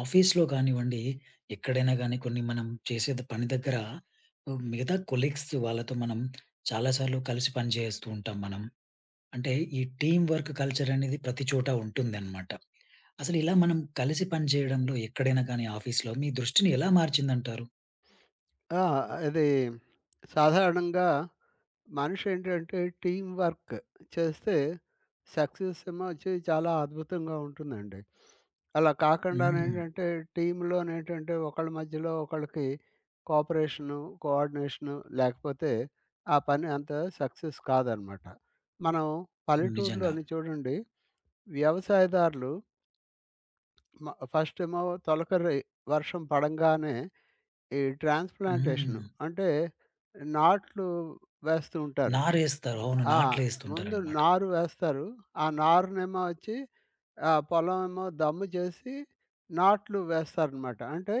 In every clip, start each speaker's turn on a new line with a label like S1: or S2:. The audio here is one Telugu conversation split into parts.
S1: ఆఫీస్‌లో గానివ్వండి, ఎక్కడైనా గానీ కొన్ని మనం చేసేది పని దగ్గర మిగతా కొలీగ్స్ వాళ్ళతో మనం చాలా సార్లు కలిసి పని జేస్తూ ఉంటాం మనం. అంటే ఈ టీమ్ వర్క్ కల్చర్ అనేది ప్రతి చోట ఉంటుందనమాట. అసలిలా మనం కలిసి పనిజేయడంలో ఎక్కడైనా గానీ, ఆఫీస్‌లో మీ దృష్టిని ఎలా మార్చిందంటారు?
S2: ఆ! అది సాధారణంగా మనిషేంటంటే టీమ్ వర్క్ చేస్తే సక్సెస్ ఏమో అచ్చి చాలా అద్భుతంగా ఉంటుందండి. అలా
S1: హ్మ్.
S2: కాకుండానేంటంటే, టీమ్‌లో నేంటంటే, ఒకళ్ళ మధ్యలో ఒకళ్ళకి కోపరేషను, కోఆర్డినేషను లేకపోతే ఆ పని అంత సక్సెస్ కాదనమాట. మనం
S1: నిజంగా.
S2: పల్లెటూర్లోని చూడండి వ్యవసాయదారులు మ ఫస్ట్ ఏమో తొలకరి వర్షం పడంగానే, ఈ ట్రాన్స్‌ప్లాన్‌టేషన్
S1: హ్మ్.
S2: అంటే నాట్లు వేస్తూ ఉంటారు.
S1: నారేస్తారు. అవును.
S2: ఆ! ముందు
S1: నాట్లేస్తుంటారన్నమాట.
S2: నారు వేస్తారు. ఆ నారునేమో అచ్చి, ఆ పొలం ఏమో దమ్ము చేసి, నాట్లు వేస్తారన్నమాట. అంటే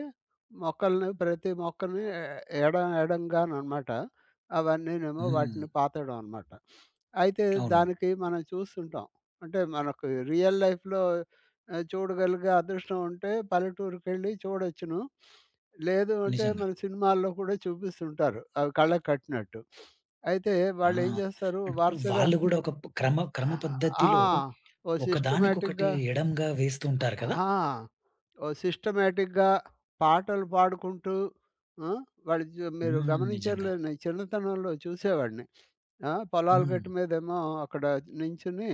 S2: మొక్కల్ని, ప్రతి మొక్కల్ని, ఎ ఎడ ఎడంగానన్నమాట. అవన్నీనేమో వాటిని
S1: హ్మ్.
S2: పాతడం అన్నమాట. అయితే
S1: అవును.
S2: దానికి మనం చూస్తుంటాం. అంటే మనకు రియల్ లైఫ్‌లో ఆహ్, చూడగలిగే అదృష్టం ఉంటే పల్లెటూరికెళ్లి చూడొచ్చును. లేదు అంటే,
S1: నిజంగా.
S2: మన సినిమాల్లో కూడా చూపిస్తుంటారు. అవి కళ్ళకి కట్టినట్టు. అయితే
S1: ఆ!
S2: వాళ్ళేం జేస్తారు?
S1: అంటూ
S2: వరుసగా
S1: వాళ్ళు గూడా ఒక క్రమ క్రమ
S2: ఆ!
S1: పద్ధతిలో
S2: ఓ
S1: ఒకదానికొకటి
S2: సిస్టమాటిక్‌గా
S1: ఎడమగా
S2: అ
S1: వేస్తుంటారు కదా!
S2: ఆ! ఓ సిస్టమాటిక్‌గా పాటలు పాడుకుంటూ, ఆ? వాళ్ళు జు మీరు
S1: హ్మ్.
S2: గమనించారో
S1: నిజంగా.
S2: లేదో, నేను చిన్నతనంలో చూసేవాడిని. ఆ! పొలాలు గట్టు
S1: హ్మ్.
S2: మీదేమో అక్కడ నించొని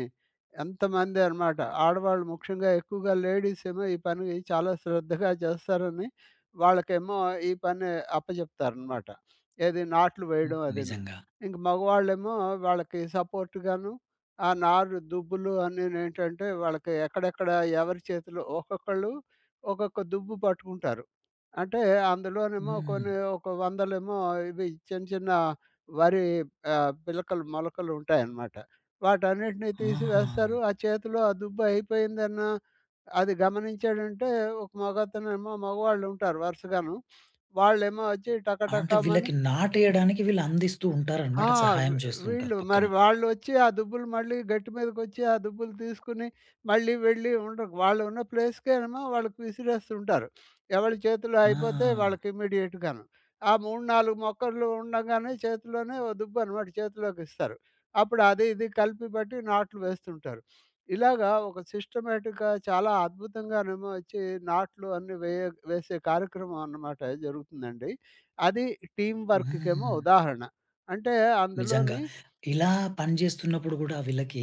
S2: ఎంతమంది అనమాట, ఆడవాళ్ళు ముఖ్యంగా ఎక్కువగా లేడీస్ ఏమో ఈ పని చాలా శ్రద్ధగా చేస్తారని, వాళ్ళకేమో ఈ పని అప్పచెప్తారనమాట. ఏది నాట్లు
S1: హ్మ్.
S2: వేయడం అదీను.
S1: నిజంగా.
S2: ఇంక మగవాళ్ళేమో, వాళ్ళకి సపోర్ట్ గాను, ఆ నారు దుబ్బులు అన్ని నేంటంటే, వాళ్ళకి ఎక్కడెక్కడ ఎవరి చేతిలో ఒక్కొక్కళ్ళు ఒక్కొక్క దుబ్బు పట్టుకుంటారు. అంటే అందులోనేమో
S1: హ్మ్.
S2: కొన్ని, ఒక వందలేమో ఇవి చిన్న చిన్న వరి ఆహ్, పిలకలు, మొలకలు ఉంటాయన్నమాట. వాటన్నిటిని తీసి వేస్తారు.
S1: ఆహా!
S2: ఆ చేతిలో ఆ దుబ్బు అయిపోయిందన్న అది గమనించాడంటే, ఒక మగతనేమో మగవాళ్ళుంటారు వరుసగాను. వాళ్ళేమో అచ్చి
S1: అంటే
S2: టకటకమని
S1: వీళ్ళకి నాటేయడానికి వీళ్ళు అందిస్తూ
S2: హా!
S1: ఉంటారన్నమాట.
S2: వీ
S1: సహాయం జేస్తూ ఉంటారు
S2: వీళ్ళు
S1: పక్కన.
S2: మరి వాళ్ళొచ్చి ఆ దుబ్బులు మళ్ళీ గట్టు మీదకోచ్చి, ఆ దుబ్బులు తీసుకొని, మళ్ళీ వెళ్లి ఉండ వాళ్ళున్నా ప్లేస్‌కే‌నేమోవాళ్ళు విసిరేస్తూ ఉంటారు. ఎవరి చేతులు అయిపోతే
S1: ఆ!
S2: వాళ్ళకి ఇమిడియేట్‌గాను. ఆ 3, 4 మొక్కలు ఉండగానే చేతిలోనే ఓ దుబ్బన్నమాట చేతులోకి‌స్తారు. అప్పుడు అది, ఇది కలిపి పెట్టి నాట్లు వేస్తుంటారు. ఇలాగా ఒక సిస్టమాటిక్‌గా చాలా అద్భుతంగానేమో అచ్చి నాట్లు అన్ని వే వేసే కార్యక్రమం అన్నమాట జరుగుతుందండి. అది టీమ్ వర్క్‌కేమో
S1: హ్మ్.
S2: ఉదాహరణ. అంటే
S1: నిజంగా.
S2: అందులోని
S1: ఇలా పనిజేస్తున్నప్పుడు గూడా, వీళ్ళకి,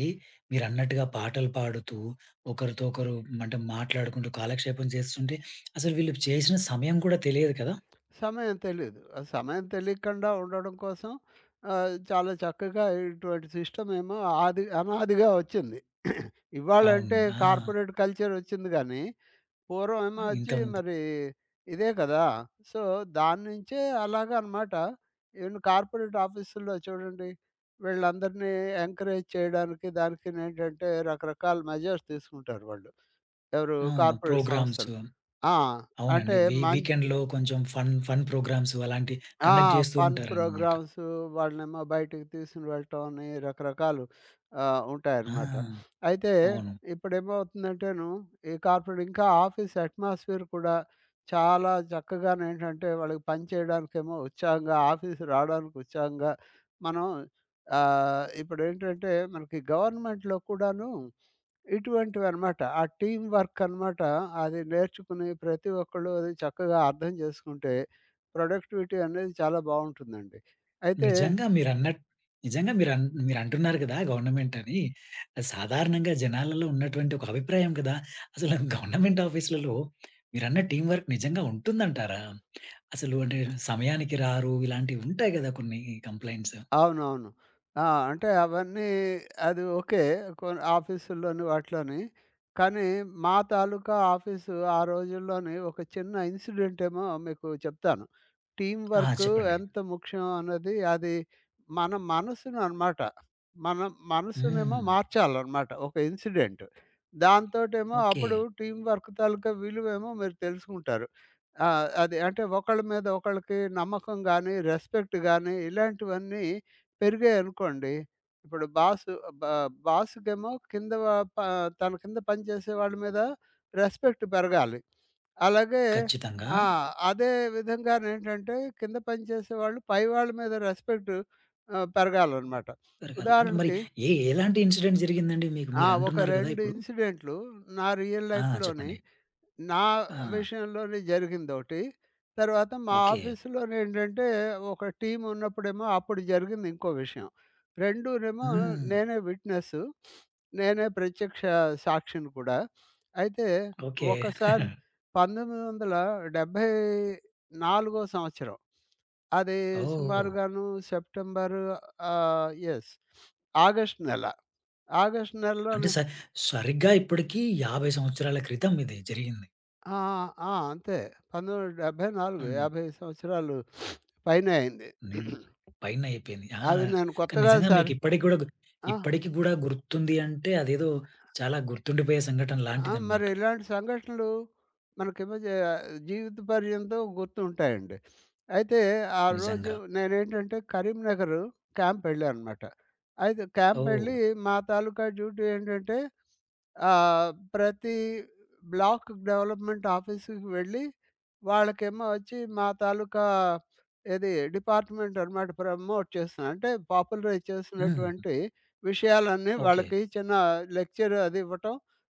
S1: మీరన్నట్టుగా పాటలు పాడుతూ, ఒకరితో ఒకరు మంటే మాట్లాడుకుంటూ, కాలక్షేపం జేస్తుంటే, అసలు వీళ్ళు చేసిన సమయం కూడా తెలియదు కదా?
S2: సమయం తెలీదు. సమయం తెలియకుండా ఉండడం కోసం ఆహ్, చాలా చక్కగా ఇటువంటి సిస్టమేమో ఆది అనాదిగా ఒచ్చింది.
S1: అవును.
S2: ఇవ్వాళంటే
S1: ఆ!
S2: కార్పొరేట్ కల్చర్ ఒచ్చింది గానీ, పూర్వం
S1: ఆ!
S2: ఏమో అచ్చి
S1: ఇంతకుముందు
S2: మరీ, ఇదే గదా! సో, దాన్నుంచే అలాగన్నమాట. ఎన్ని కార్పొరేట్ ఆఫీస్‌లో చూడండి. వీళ్ళందరిని ఎంకరేజ్ చేయడానికి దానికి నేంటంటే, రకరకాల మెజర్స్ తీసుకుంటారు వాళ్ళు. ఎవరు
S1: ఆ!
S2: Corporate
S1: programmes.
S2: సంస్థలు. ఆ! అంటే
S1: అవునండి. వీ
S2: మం
S1: వీకెండ్‌లో కొంచెం ఫన్ ఫన్ ప్రోగ్రామ్సు అలాంటివి
S2: ఆ!
S1: కండక్ట్ జేస్తూ
S2: ఫన్
S1: ఉంటారన్నమాట.
S2: ప్రోగ్రామ్సు, వాళ్ళనేమో బయటికి తీసుకొని వెళ్ళటం అని, రకరకాలు ఆహ్,
S1: ఆ!
S2: ఉంటాయన్నమాట. అయితే
S1: అవును.
S2: ఇప్పుడేమవుతుందంటే‌ను ఈ కార్పొరేట్ ఇంకా ఆఫీస్ అట్‌మోస్‌స్ఫియర్ కూడా, చాలా చక్కగానేంటంటే వాళ్ళకి పని చేయడానికేమో ఉత్సాహంగా, ఆఫీస్ రావడానికి ఉత్సాహంగా, మనం ఆహ్, ఇప్పుడేంటంటే మనకి గవర్నమెంట్‌లో కూడాను, ఇటువంటివి అనమాట, ఆ టీమ్ వర్క్ అనమాట, అది నేర్చుకుని ప్రతి ఒక్కళ్ళు అది చక్కగా అర్థం జేసుకుంటే, ప్రొడక్టివిటీ అనేది చాలా బావుంటుందండి. అయితే
S1: నిజంగా. మీరన్నట్ నిజంగా మీరన్ మీరు అంటున్నారు గదా! గవర్నమెంట్ అని. సాధారణంగా జనాలలో ఉన్నటువంటి ఒక అభిప్రాయం కదా! అసలు గవర్నమెంట్ ఆఫీస్‌లలో మీరన్న టీమ్ వర్క్ నిజంగా ఉంటుందంటారా? అసలు అంటే
S2: ఆ!
S1: సమయానికి రారు. ఇలాంటివి ఉంటాయి గదా కొన్ని కంప్లెయింట్స్.
S2: అవునవును. ఆ! అంటే అవన్నీ అది ఓకే. కొ ఆఫీస్సులోని వాటిలోని. కానీ, మా తాలూకా ఆఫీసు, ఆ రోజుల్లోనే ఒక చిన్న ఇన్సిడెంటేమో మీకు చెప్తాను. టీమ్
S1: ఆ!
S2: వర్కు
S1: చెప్పండి.
S2: ఎంత ముఖ్యం అనేది అది మన మనసుననమాట. మన మనసునేమో
S1: హ్మ్.
S2: మార్చాలన్నమాట. ఒక ఇన్సిడెంట్. దాంతోటేమో అప్పుడు
S1: ఓకే.
S2: టీమ్ వర్క్ తాలూకా విలువేమో మీరు తెలుసుకుంటారు. ఆ! అది అంటే, ఒకళ్ళ మీద ఒకళ్ళకి నమ్మకం గాని, రెస్పెక్ట్ గాని ఇలాంటివన్నీ పెరిగాయనుకోండి. ఇప్పుడు బాసు అ బ బాసుకేమో కింద వ ప తన కింద పని చేసే వాళ్ళ మీద రెస్పెక్ట్ పెరగాలి. అలాగే
S1: ఖచ్చితంగా.
S2: ఆ! అదే విధంగా నేంటంటే, కింద పని చేసేవాళ్ళు పై వాళ్ళ మీద రెస్పెక్ట్ ఆహ్, పెరగాలన్నమాట.
S1: రకరకాలు అంటే మరి
S2: ఉదాహరణకి
S1: ఏ ఎలాంటి ఇన్సిడెంట్ జరిగిందండి? మీకు
S2: ఆ!
S1: మీరు
S2: ఒక
S1: అంటున్నారు గదా!
S2: 2
S1: ఇప్పుడు?
S2: ఇన్సిడెంట్లు, నా రియల్
S1: ఆ!
S2: లైఫ్‌లోని
S1: చెప్పండి.
S2: నా
S1: ఆ!
S2: విషయంలోని జరిగిందోకటి. తర్వాత మా
S1: ఓకే.
S2: ఆఫీసులోనేంటంటే, ఒక టీమ్ ఉన్నప్పుడేమో అప్పుడు జరిగింది ఇంకో విషయం. 2 నేమో
S1: హ్మ్.
S2: నేనే విట్‌‌నెస్సు. నేనే ప్రత్యక్ష సాక్షిని కూడా. అయితే
S1: ఓకే.
S2: ఒకసారి పంతొమ్మిది వందల డెబ్బై నాలుగో సంవత్సరం. అది
S1: ఓహ్! ఓహ్! ఓహ్!
S2: సుమారుగాను సెప్టెంబరు ఆహ్, యెస్. ఆగస్ట్ నెల. ఆగస్ట్
S1: అంటే
S2: నెలలోనే
S1: స సరిగ్గా ఇప్పడకి 50 సంవత్సరాల క్రితం ఇది జరిగింది.
S2: ఆ! ఆ! ఆ! అంతే. 1974,
S1: హ్మ్.
S2: 55 సంవత్సరాలు పైనే అయింది.
S1: నేన్ పైనైపోయింది ఆ!
S2: అవి నేను
S1: కానీ
S2: కొత్తగా కాదు
S1: నిజంగా
S2: సర్
S1: మీకిప్పటికి గూడా గుత్
S2: ఆ!
S1: ఇప్పటికి గూడా గుర్తుంది అంటే, అదేదో చాలా గుర్తుండిపోయే సంఘటన
S2: ఆ! మరి
S1: లాంటిదన్నమాట.
S2: ఇలాంటి సంఘటనలు మనకేమో జ జీవిత పర్యంతం గుర్తుంటాయండి. అయితే ఆ రోజు
S1: నిజంగా.
S2: నేనేంటంటే, కరీంనగరు క్యాంపెళ్ళానన్నమాట. అయితే
S1: ఓహ్!
S2: క్యాంపెళ్లి మా తాలూకా డ్యూటీ ఏంటంటే, ఆహ్, ప్రతి బ్లాక్ డెవలప్‌మెంట్ ఆఫీసుకు వెళ్లి, వాళ్ళకేమో అచ్చి, మా తాలూకా ఏది డిపార్ట్‌మెంట్ అన్నమాట ప్రమోట్ చేస్తున్నారు. అంటే పాపులరైజ్
S1: హ్మ్.
S2: చేసినటువంటి విషయాలన్నీ
S1: ఓకే.
S2: వాళ్ళకి చిన్న లెక్చర్ అదివ్వటం.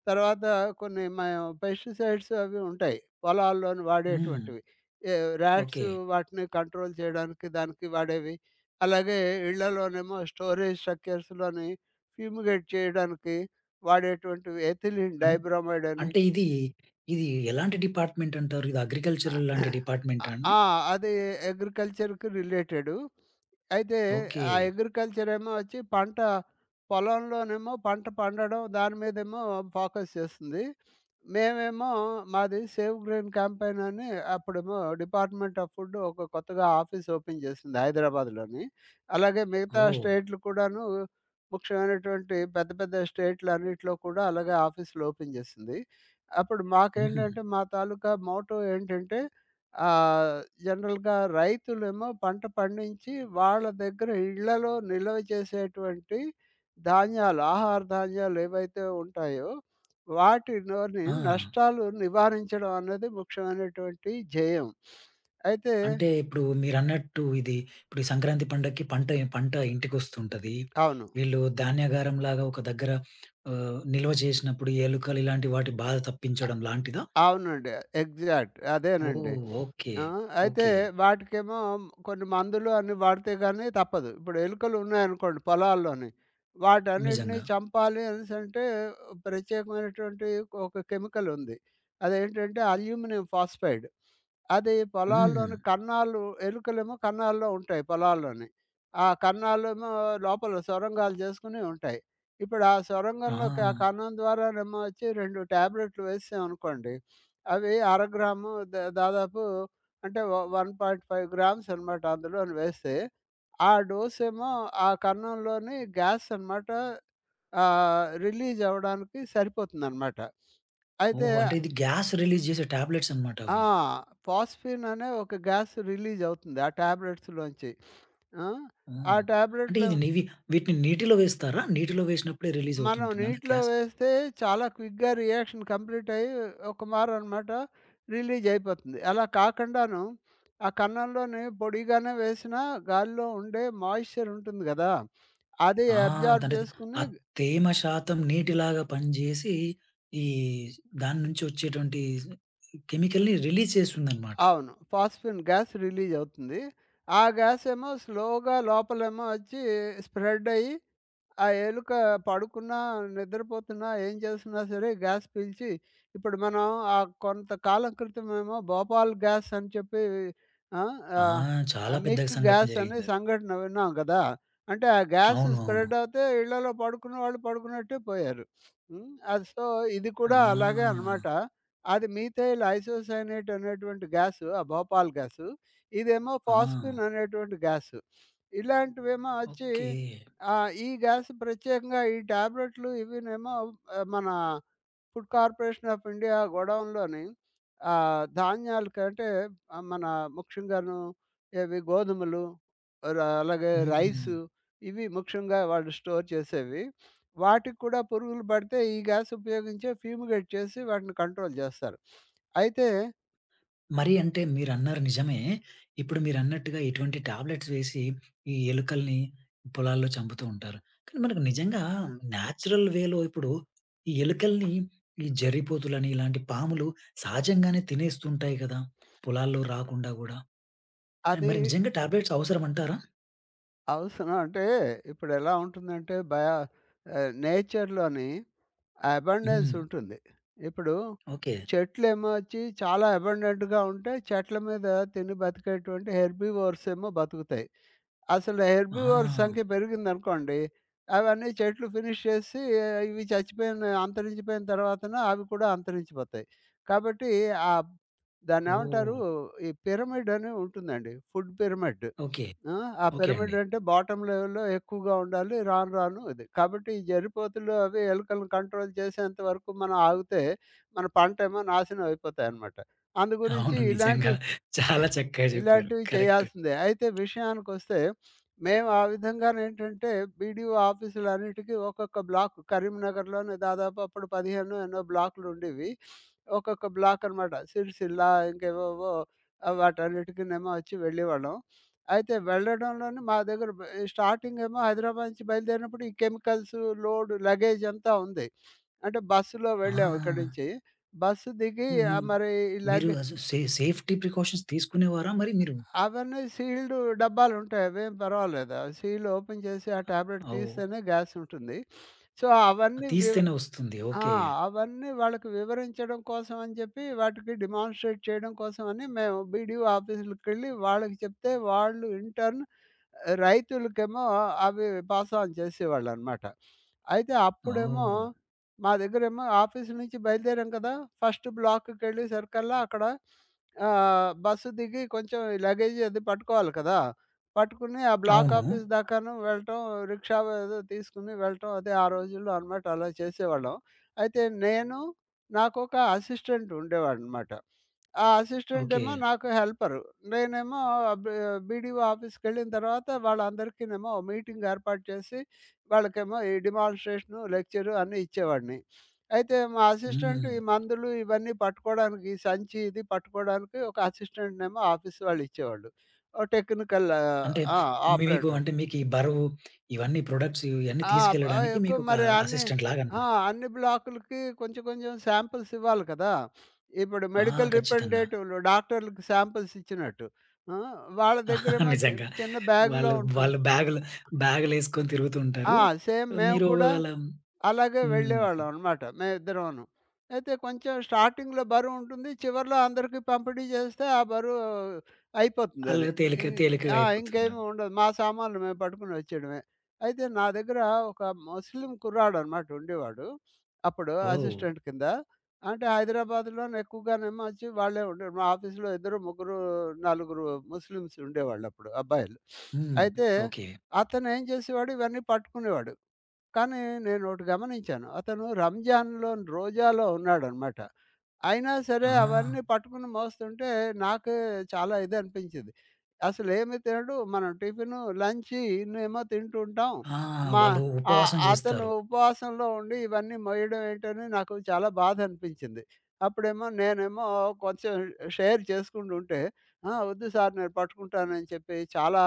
S2: తర్వాత కొన్ని మా పెస్టిసైడ్స్ అవి ఉంటాయి. పొలాల్లోని
S1: హ్మ్.
S2: వాడేటువంటివి. ఏ ర్యాట్స్
S1: ఓకే.
S2: వాటిని కంట్రోల్ జేయడానికి దానికి వాడేవి, అలాగే ఇళ్ళలోనేమో స్టోరేజ్ స్ట్రక్చర్స్‌లోని ఫ్యూమిగేట్ చేయడానికి, వాడేటువంటివి. ఎథిలిన్
S1: అన్
S2: డైబ్రామైడ్ అని.
S1: అంటే ఇది. ఇది ఎలాంటి డిపార్ట్‌మెంట్ అంటారు? ఇది
S2: ఆ!
S1: అగ్రికల్చరల్ లాంటి డిపార్ట్‌మెంటా అండి?
S2: ఆ! అది అగ్రికల్చర్‌కి రిలేటెడు. అయితే
S1: ఓకే.
S2: ఆ అగ్రికల్చరేమో అచ్చి, పంట పొలంలోనేమో పంట పండడం, దాని మీదేమో ఫోకస్ జేస్తుంది. మేమేమో మాది సేవ్ గ్రైన్ క్యాంపెయిన్ అని, అప్పుడేమో డిపార్ట్‌మెంట్ ఆఫ్ ఫుడ్ ఒక కొత్తగా ఆఫీస్ ఓపెన్ చేసింది. హైదరాబాద్‌లోని. అలాగే మిగతా
S1: ఓహ్!
S2: స్టేటులు కూడాను, ముఖ్యమైనటువంటి పెద్ద పెద్ద స్టేట్‌లన్నిట్లో కూడా, అలాగే ఆఫీసులు ఓపెన్ జేసింది. అప్పుడు
S1: హుహు.
S2: మాకేంటంటే, మా తాలూకా మోటో ఏంటంటే, ఆహ్, జనరల్‌గా రైతులేమో పంట పండించి, వాళ్ళ దగ్గర ఇళ్ళలో నిల్వ చేసేటువంటి ధాన్యాలు. ఆహార ధాన్యాలేవైతే ఉంటాయో, వాటిలోని
S1: ఆ!
S2: నష్టాలు నివారించడం అన్నది ముఖ్యమైనటువంటి ధ్యేయం. అయితే
S1: అంటే ఇప్పుడు మీరన్నట్టు ఇది ఇప్పుడు ఈ సంక్రాంతి పండక్కి పంట పంట ఇంటికొస్తుంటది.
S2: అవును.
S1: వీళ్ళు ధాన్యాగారంలాగా ఒక దగ్గర ఆహ్, నిల్వ జేసినప్పుడు ఎలుకలు, ఇలాంటి వాటి బాధ
S2: ఆ!
S1: తప్పించడం లాంటిదా?
S2: అవునండి. ఎగ్జాక్ట్ అదేనండి.
S1: ఓహ్! ఓకే.
S2: ఆ! అయితే
S1: ఓకే.
S2: వాటికేమో, కొన్ని మందులు అన్ని వాడితే గాని, తప్పదు. ఇప్పుడు ఎలుకలున్నాయనుకోండి పొలాల్లోని, వాటన్నిటిని
S1: నిజంగా.
S2: చంపాలి అనేసంటే, ప్రత్యేకమైనటువంటి ఒక కెమికలుంది. అదేంటంటే అల్యూమినియం ఫాస్‌ఫైడ్. అది
S1: హ్మ్.
S2: పొలాల్లోని కన్నాలు ఎలుకలేమో కన్నాల్లో ఉంటాయి పొలాల్లోని. ఆ కన్నాలేమో లోపల సొరంగాలు జేసుకొని ఉంటాయి. ఇప్పుడా సొరంగంలోకి ఆ
S1: ఆ!
S2: కన్నం ద్వారానేమో అచ్చి 2 ట్యాబ్లెటులు వేశాం అనుకోండి. అవి అరగ్రాము ద దాదాపు అంటే వ 1.5 గ్రామ్స్ అనమాట. అందులోను వేస్తే, ఆ డోసెమో ఆ కన్నంలోని గ్యాస్ అనమాట. ఆహ్, రిలీజ్ అవ్వడానికి సరిపోతుందనమాట. అయితే
S1: ఓహో! అంటే ఇది గ్యాస్ రిలీజ్ జేసే టాబ్లెట్స్
S2: ఆ!
S1: అన్నమాటవి.
S2: ఫాస్‌ఫిన్ అనే ఒక గ్యాస్ రిలీజ్ అవుతుంది ఆ టాబ్లెట్స్‌లోంచి. ఆ!
S1: హ్మ్. అంటే
S2: టాబ్లెట్‌లో
S1: ఇది నివి వీటిని నీటిలో వేస్తారా? నీటిలో వేసినప్పుడే రిలీజ్ అవుతూ
S2: మనం
S1: ఉంటుందా. అది
S2: నీటిలో
S1: గ్యాస్?
S2: వేస్తే చాలా క్విక్‌గా రియాక్షన్ కంప్లీట్ అయ్యి. ఒకమారన్నమాట రిలీజైపోతుంది. అలా కాకుండాను, ఆ కన్నంలోనే పొడిగానే వేసిన, గాలిలో ఉండే మాయిశ్చర్ ఉంటుంది గదా! అది
S1: ఆ!
S2: అబ్జార్బ్
S1: దానిది ఆ
S2: జేసుకొని
S1: తేమ శాతం నీటిలాగా పనిజేసి, ఈ దాని నుంచొచ్చేటువంటి కెమికల్‌ని రిలీజ్ చేస్తుందన్నమాట.
S2: అవును. ఫాస్‌ఫిన్, గ్యాస్ రిలీజ్ అవుతుంది. ఆ గ్యాస్ ఏమో స్లోగా లోపలేమో అచ్చి, స్ప్రెడ్ అయ్యి, ఆ ఎలుక పడుకున్నా, నిద్రపోతున్నా, ఏం జేస్తున్నా సరే, గ్యాస్ పీల్చి ఇప్పుడు మనం ఆ కొంత కాలం క్రితం ఏమో భోపాల్ గ్యాస్ అని చెప్పి. ఆహ్,
S1: ఆ!
S2: ఆహ్,
S1: చాలా పెద్ద
S2: మిక్
S1: సంఘటన
S2: గ్యాస అనే
S1: జరిగిందది.
S2: సంఘటన విన్నాం గదా! అంటే ఆ గ్యాస్
S1: అవును. అవును.
S2: స్ప్రెడ్ అవితే ఇళ్లల్లో పడుకున్న వాళ్ళు పడుకున్నట్టే పోయారు. హ్మ్. సో, ఇది కూడా అలాగే
S1: ఆ!
S2: అనమాట. అది మీథైల్ ఐసోసైనైట్ అనేటువంటి గ్యాసు ఆ భోపాల్ గ్యాసు. ఇదేమో
S1: ఆ!
S2: ఫాస్‌ఫిన్ అనేటువంటి గ్యాసు. ఇలాంటివేమో అచ్చి
S1: ఓకే.
S2: ఆహ్, ఈ గ్యాస్ ప్రత్యేకంగా ఈ టాబ్లెట్లు, ఇవీనేమో మన ఫుడ్ కార్పొరేషన్ ఆఫ్ ఇండియా గోడౌన్‌లోని ఆహ్, ధాన్యాల కంటే మన ముఖ్యంగాను, ఇవి గోధుమలు, అ అలాగే రైసు,
S1: హ్మ్.
S2: ఇవి ముఖ్యంగా వాళ్ళు స్టోర్ చేసేవి. వాటికి కూడా పురుగులు పడితే ఈ గ్యాస్ ఉపయోగించే ఫ్యూమిగేట్ చేసి వాటిని కంట్రోల్ జేస్తారు. అయితే
S1: మరి అంటే మీరన్నారు నిజమే. ఇప్పుడు మీరన్నట్టుగా ఇటువంటి టాబ్లెట్స్ వేసి ఈ ఎలుకల్ని పొలాల్లో చంపుతూ ఉంటారు. కానీ మనకు నిజంగా న్యాచురల్ వే‌లో ఇప్పుడు ఈ ఎలుకల్ని, ఈ జర్రిపోతులని ఇలాంటి పాములు సహజంగానే తినేస్తుంటయి గదా! పొలాల్లో రాకుండా గూడా. అండ్
S2: అదీ
S1: మరి నిజంగా టాబ్లెట్స్ అవసరమంటారా?
S2: అవసరం అంటే ఇప్పుడెలా ఉంటుందంటే బయ ఆహ్, నేచర్‌లోని అబండెన్స్
S1: హ్మ్.
S2: ఉంటుంది. ఇప్పుడు
S1: ఓకే.
S2: చెట్లేమో ఒచ్చి చాలా అబండెంట్‌గా ఉంటయి. చెట్ల మీద తిని బతికేటువంటి హెర్బివోర్స్ ఏమో బతుకుతయి. అసలు హెర్బివోర్స్
S1: ఆహా!
S2: సంఖ్య పెరిగిందనుకోండి అవన్నీ చెట్లు ఫినిష్ చేసి ఇవి చచ్చిపోయిన అంతరించిపోయిన తర్వాతన అవి కూడా అంతరించిపోతాయి. కాబట్టి ఆహ్, దాన్నేవంటారు?
S1: ఓహ్!
S2: ఈ పిరమిడని ఉంటుందండి. Food pyramid.
S1: ఓకే.
S2: ఆ! ఆ
S1: ఓకే అండి.
S2: పిరమిడంటే బాటమ్ లెవెల్‌లో ఎక్కువగా ఉండాలి. రాను రాను అది. కాబట్టి ఈ జర్రిపోతులు అవి ఎలుకలను కంట్రోల్ చేసేంత వరకు మనం ఆగుతే మన పంటేమో నాశనమయిపోతాయనమాట. అందుగురించి
S1: అవును నిజంగా.
S2: ఇలాంటివి,
S1: చాలా చక్కగా జెప్పారు.
S2: ఇలాంటివి
S1: కరెక్ట్.
S2: చేయాల్సిందే. అయితే విషయానికొస్తే మేము ఆ విధంగానేంటంటే బీడీఓ ఆఫీసులన్నిటికి ఒక్కొక్క బ్లాకు. కరీంనగర్‌లోనే దాదాపు అప్పుడు 15 ఎన్నో బ్లాకులుండేవి. ఒక్కొక్క బ్లాక్ అనమాట సిరిసిల్లా, ఇంకేవేవో ఆ వాటన్నిటికినేమో ఒచ్చి వెళ్ళేవాళ్ళం. అయితే వెళ్లడంలోనే మా దగ్గర బఎ స్టార్టింగ్ ఏమో హైదరాబాద్ నుంచి బయలుదేరినప్పుడు ఈ కెమికల్సు, లోడు, లగేజంతా ఉంది. అంటే బస్సులో వెళ్ళాం ఇక్కడి
S1: ఆ!
S2: నుంచి బస్సు దిగి
S1: హుహు.
S2: ఆహ్, మరి ఈ
S1: మీరు
S2: లగె
S1: అసు సే సేఫ్టీ ప్రికాషన్స్ తీసుకునేవారా మరి మీరు?
S2: అవన్నీ సీల్డు డబ్బాలుంటయి. అవేం పర్వాలేదు ఆ సీల్డ్ ఓపెన్ చేసి ఆ టాబ్లెట్
S1: అవు
S2: తీస్తేనే గ్యాస్ ఉంటుంది. సో
S1: అ
S2: అవన్నీ వివ్
S1: తీస్తేనే ఒస్తుంది.
S2: ఆ!
S1: ఓకే.
S2: అవన్నీ వాళ్ళకి వివరించడం కోసమని జెప్పి వాటికి డిమాన్‌స్ట్రేట్ చేయడం కోసమని మేము బీడీఓ ఆఫీసులకెళ్లి వాళ్ళకి చెప్తే వాళ్ళు ఇన్‌టర్న్ ఆహ్, రైతులకేమో అవి పాస్ ఆన్ జేసేవాళ్ళనమాట. అయితే అప్పుడేమో
S1: ఓహ్!
S2: మా దగ్గరేమో ఆఫీస్ నుంచి బయలుదేరాం కదా! ఫస్ట్ బ్లాక్ కెళ్ళే సరికల్లా అక్కడ ఆహ్, బస్సు దిగి కొంచెం ఈ లగేజీ అది పట్టుకోవాలి కదా! పట్టుకుని ఆ
S1: అవును.
S2: బ్లాకాఫీస్ దాకాను వెళ్ళటం, రిక్షావో ఏదో తీసుకొని వెళ్ళటం అదే ఆ రోజుల్లో అనమాట అలా చేసేవాళ్ళం. అయితే నేను, నాకొక అసిస్టెంట్ ఉండేవాడనమాట. ఆ
S1: ఓకే.
S2: అసిస్టెంటేమో నాకు హెల్పరు. నేనేమో బీ బీడీఓ ఆఫీస్‌కెళ్ళిన తర్వాత వాళ్ళందరికినేమో మీటింగ్ ఏర్పాటు చేసి వాళ్ళకేమో ఈ డిమాన్‌స్ట్రేషను, లెక్చరు అన్ని ఇచ్చేవాడిని. అయితే మా అసిస్టెంట్
S1: హ్మ్.
S2: ఈ మందులు ఇవన్నీ పట్టుకోడానికి సంచి ఇది పట్టుకోడానికి ఒక అసిస్టెంట్‌నేమో ఆఫీస్ వాళ్ళు ఇచ్చేవాళ్ళు. ఒక టెక్నికల్ ఆహ్,
S1: అంటే
S2: ఆ!
S1: మీకు
S2: ఆపరేటర్.
S1: అంటే మీకీ బరువు ఇవన్నీ ప్రొడక్ట్స్ ఇవన్నీ
S2: ఆ! అబ్
S1: తీసుకెళ్లడానికి
S2: ఆయిక్
S1: మీకొక
S2: మరి అన్ని
S1: అసిస్టెంట్
S2: ఆ!
S1: లాగనమాట.
S2: అన్ని బ్లాకులకి కొంచెం కొంచెం శాంపుల్స్ ఇవ్వాలి కదా! ఇప్పుడు
S1: ఆ!
S2: మెడికల్
S1: ఖచ్చితంగా!
S2: రిపెండేటివ్‌లు డాక్టర్‌లకి శాంపుల్స్ ఇచ్చినట్టు. హ్మ్. వాళ్ళ దగ్గరేమో చి
S1: నిజంగా.
S2: చిన్న బ్యా‌గ్‌లో
S1: వాళ్ళు
S2: ఉంటుంది.
S1: వాళ్ళు బ్యాగులు బ్యాగులేసుకొని తిరుగుతూ
S2: ఆ!
S1: ఉంటారు.
S2: సేమ్ మేము
S1: మీరు
S2: కూడా
S1: అలా
S2: అలాగే
S1: హ్మ్.
S2: వెళ్ళేవాళ్ళమనమాట మేమిద్దరమును. అయితే కొంచెం స్టార్టింగ్‌లో బరువుంటుంది చివర్లో అందరికీ పంపిణీ జేస్తే ఆ బరువు
S1: అళ్ళు
S2: అయిపోతుందది.
S1: తేలిక,
S2: ఈ
S1: తేలికగా
S2: ఆ! ఇంకేమి
S1: అయిపోతుండది.
S2: ఉండదు. మా సామాన్లు మేము పట్టుకొని ఒచ్చేయడమే. అయితే, నా దగ్గర ఒక ముస్లిం కుర్రాడనమాట ఉండేవాడు. అప్పుడు
S1: ఓహ్!
S2: అసిస్టెంట్ కింద. అంటే హైదరాబాదులో నేక్కువగానేమో ఒచ్చి వాళ్ళే ఉండే వాళ్ళు మా ఆఫీస్‌లో ఇద్దరు, ముగ్గురు, నలుగురు, ముస్లిమ్స్ ఉండేవాళ్ళప్పుడు అబ్బాయిలు.
S1: హ్మ్.
S2: అయితే
S1: ఓకే.
S2: అతనేం జేసేవాడు ఇవన్నీ పట్టుకునేవాడు. కానీ నేనోటి గమనించాను. అతను రంజాన్‌లోను రోజాలో ఉన్నాడనమాట. అయినా సరే
S1: ఆ!
S2: అవన్నీ పట్టుకుని మోస్తుంటే నాకే చాలా ఇదనిపించింది. అసలేమి తినడు మనం టిఫిను, లంచి ఇన్నేమో తింటుంటాం.
S1: ఆ!
S2: మా
S1: వాళ్ళు
S2: ఆహ్,
S1: ఉపవాసం
S2: అతను
S1: జేస్తారు.
S2: ఉపవాసంలో ఉండి ఇవన్నీ మోయడం ఏంటని నాకు చాలా బాధనిపించింది. అప్పుడేమో నేనేమో కొంచెం షేర్ చేసుకుంటుంటే ఆ! ఒద్దు సార్ నేను పట్టుకుంటానని చెప్పి చాలా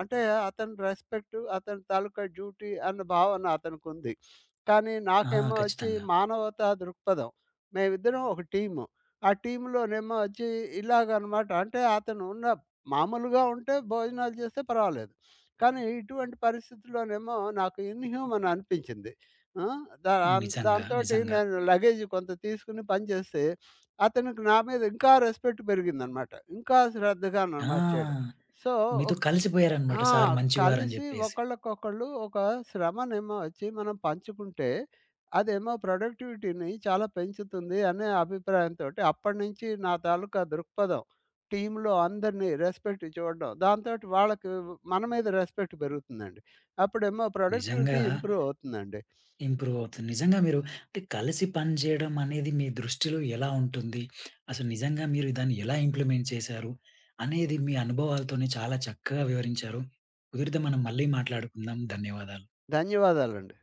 S2: అంటే అతని రెస్పెక్టు అతని తాలూకా డ్యూటీ అన్న భావన అతనికుంది. కానీ
S1: ఆ!
S2: నాకేమో ఒచ్చి
S1: ఖచ్చితంగా!
S2: మానవతా దృక్పథం. మేమిద్దరం ఒక టీము. ఆ టీమ్‌లోనేమో ఒచ్చి ఇలాగనమాట. అంటే అతనున్న మామూలుగా ఉంటే భోజనాలు జేస్తే పర్వాలేదు. కానీ ఇటువంటి పరిస్థితుల్లోనేమో నాకు ఇన్ హ్యూమన్ అనిపించింది. హ్మ్. దారన్
S1: నిజంగా.
S2: దాంతోటి
S1: నిజంగా.
S2: నేను లగేజీ కొంత తీసుకొని పని జేస్తే అతనికి నా మీద ఇంకా రెస్పెక్ట్ పెరిగిందనమాట. ఇంకా శ్రద్ధగా నన్ను
S1: ఆ!
S2: మార్చాడు. సో
S1: మీతో
S2: ఒక్
S1: కలిసిపోయారనమాట.
S2: ఆ!
S1: సార్ మంచివారని
S2: కలిసి
S1: జెప్పేసి.
S2: ఒకళ్ళకొకళ్ళు ఒక శ్రమనేమో ఒచ్చి మనం పంచుకుంటే అదేమో ప్రొడక్టివిటీ‌ని చాలా పెంచుతుంది అనే అభిప్రాయంతోటి అప్పటి నుంచి నా తాలూకా దృక్పథం. టీమ్‌లో అందరిని రెస్పెక్ట్ చూడడం దాంతోటి వాళ్ళకి మన మీద రెస్పెక్ట్ పెరుగుతుందండి. అప్పుడేమో
S1: నిజంగా.
S2: ప్రొడక్టివిటీ ఇంప్రూవవుతుందండి.
S1: ఇంప్రూవవుతు నిజంగా మీరు అంటే కలిసి పని జేయడమనేది మీ దృష్టిలో ఎలా ఉంటుంది? అసలు నిజంగా మీరు దాన్ని ఎలా ఇంప్లిమెంట్ చేశారు? అనేది మీ అనుభవాలతోనే చాలా చక్కగా వివరించారు. కుదిరితే మనం మళ్ళీ మాట్లాడుకుందాం. ధన్యవాదాలు.
S2: ధన్యవాదాలండి.